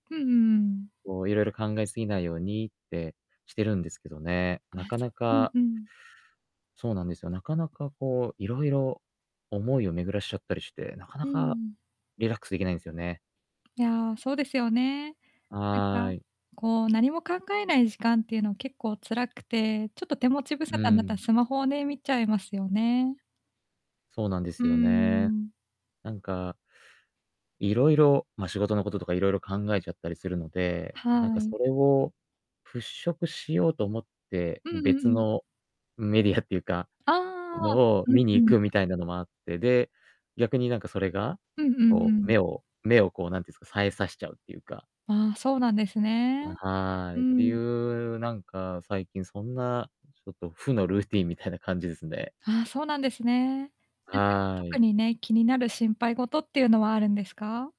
うんうんうん。こういろいろ考えすぎないようにってしてるんですけどね、なあ、かそなう、うんかうん。そうなんですよ。なかなかこう、いろいろ思いを巡らしちゃったりして、なかなうかん。リラックスできないんですよね。いや、そうですよね。なんはか、い。こう何も考えない時間っていうのは結構辛くて、ちょっと手持ち無沙う汰になったらん。スマホをね、見ちゃいますよね。そうなんでうすよね。ん。なんか色々、ま、仕事のこととか色々考えちゃったりするので、なんはかい。それを払拭しようと思って、うんうんう別ん。のメディアっていうかああ、のを見にうん行うん。くみたいなのもあって、で、逆になんかそれがうんうんうこうん。目を目をこうなんていうんすか、冴えさしちゃうっていうかああ、そうなんですあ、ね。はうい、っていん。う、なんか最近そんなちょっと負のルーティーンみたいな感じですね。ああ、そうなんですね。なんかは特い。にね、気になる心配事っていうのはあるんですか？